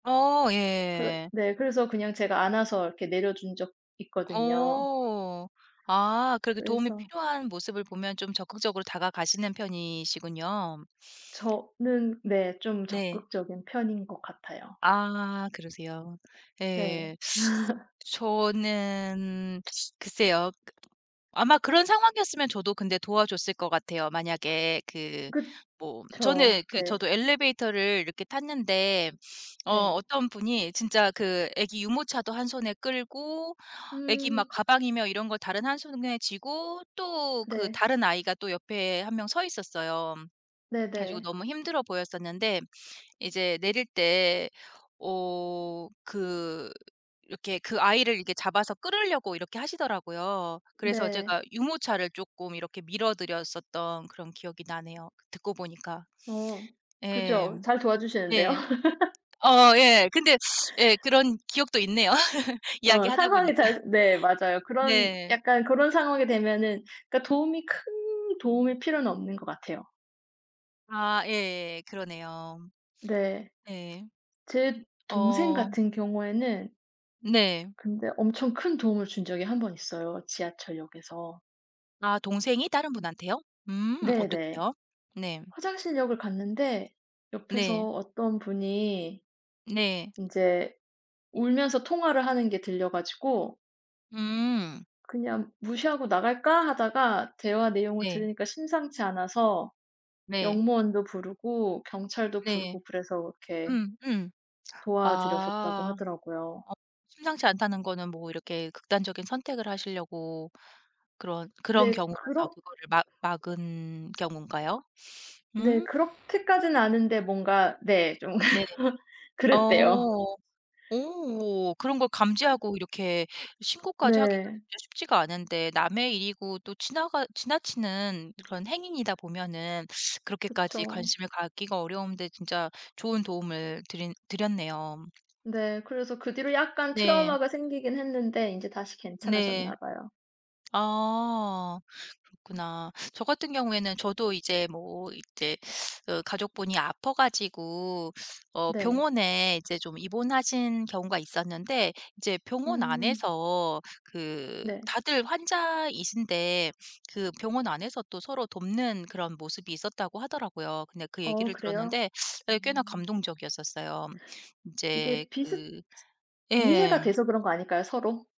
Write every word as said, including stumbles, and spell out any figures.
어 그래 예. 네 그래서 그냥 제가 안아서 이렇게 내려준 적 있거든요. 어. 아 그렇게 도움이 그래서 필요한 모습을 보면 좀 적극적으로 다가가시는 편이시군요. 저는 네 좀 네. 적극적인 편인 것 같아요. 아 그러세요? 네. 예. 저는 글쎄요. 그 아마 그런 상황이었으면 저도 근데 도와 줬을 것 같아요. 만약에 그 뭐 그쵸. 저는 그 네. 저도 엘리베이터를 이렇게 탔는데 어 네. 어떤 분이 진짜 그 애기 유모차도 한 손에 끌고 애기 막 음. 가방이며 이런 걸 다른 한 손에 쥐고 또 그 네. 다른 아이가 또 옆에 한 명 서 있었어요. 그래 가지고 네네. 너무 힘들어 보였었는데 이제 내릴 때 어 그 이렇게 그 아이를 이렇게 잡아서 끌려고 이렇게 하시더라고요. 그래서 제가 네. 유모차를 쪼끔 이렇게 밀어 드렸었던 그런 기억이 나네요, 그 듣고 보니까. 어 예. 그죠. 잘 도와 주시는데요. 예. 어 예. 근데 예 그런 기억도 있네요 어 이야기하다 상황이 보니까. 잘 네 맞아요. 그런 네. 약간 고런 상황이 되면은 그러니까 도움이 큰 도움일 필요는 없는 것 같아요. 아 예예 그러네요. 네. 네. 음 제 동생 어. 같은 경우에는 네. 근데 엄청 큰 도움을 준 적이 한 번 있어요 지하철역에서. 아 동생이 다른 분한테요? 음 네네. 어떻게요? 네. 화장실 역을 갔는데 네. 옆에서 어떤 분이 네. 인제 울면서 통화를 하는 게 들려 가지고 음. 그냥 '무시하고 나갈까.' 하다가 대화 내용을 네. 들으니까 심상치 않아서 네. 역무원도 부르고 경찰도 네. 부르고 그래서 이렇게 음 음. 도와 드렸었다고 아. 하더라고요. 어 심상치 않다는 거는 뭐 이렇게 극단적인 선택을 하시려고 그런 그런 네. 경우라서 그렇 그거를 막 막은 경우인가요? 네. 음. 그렇게까진 아닌데 뭔가 네 좀 네. 그랬대요. 어. 오 그런 걸 그 감지하고 이렇게 신고까지 하기가 네. 진짜 쉽지가 않은데 남의 일이고 또 지나가 지나치는 그런 행위이다 보면은 그렇게까지 그쵸. 관심을 갖기가 어려운데 진짜 좋은 도움을 드린 드렸네요. 네 그래서 그 뒤로 약간 네. 트라우마가 생기긴 했는데 인제 다시 괜찮아졌나 네. 봐요. 아 음. 그렇구나. 저 같은 경우에는 저도 이제 뭐 이제 그 가족분이 아파 가지고 어 네. 병원에 이제 좀 입원하신 경우가 있었는데 이제 병원 음. 안에서 그 네. 다들 환자이신데 그 병원 안에서 또 서로 돕는 그런 모습이 있었다고 하더라고요. 근데 그 어 얘기를 그래요? 들었는데 네 꽤나 음 감동적이었었어요. 이제 이게 비슷 그 슷 예. 이해가 돼서 그런 거 아닐까요 서로?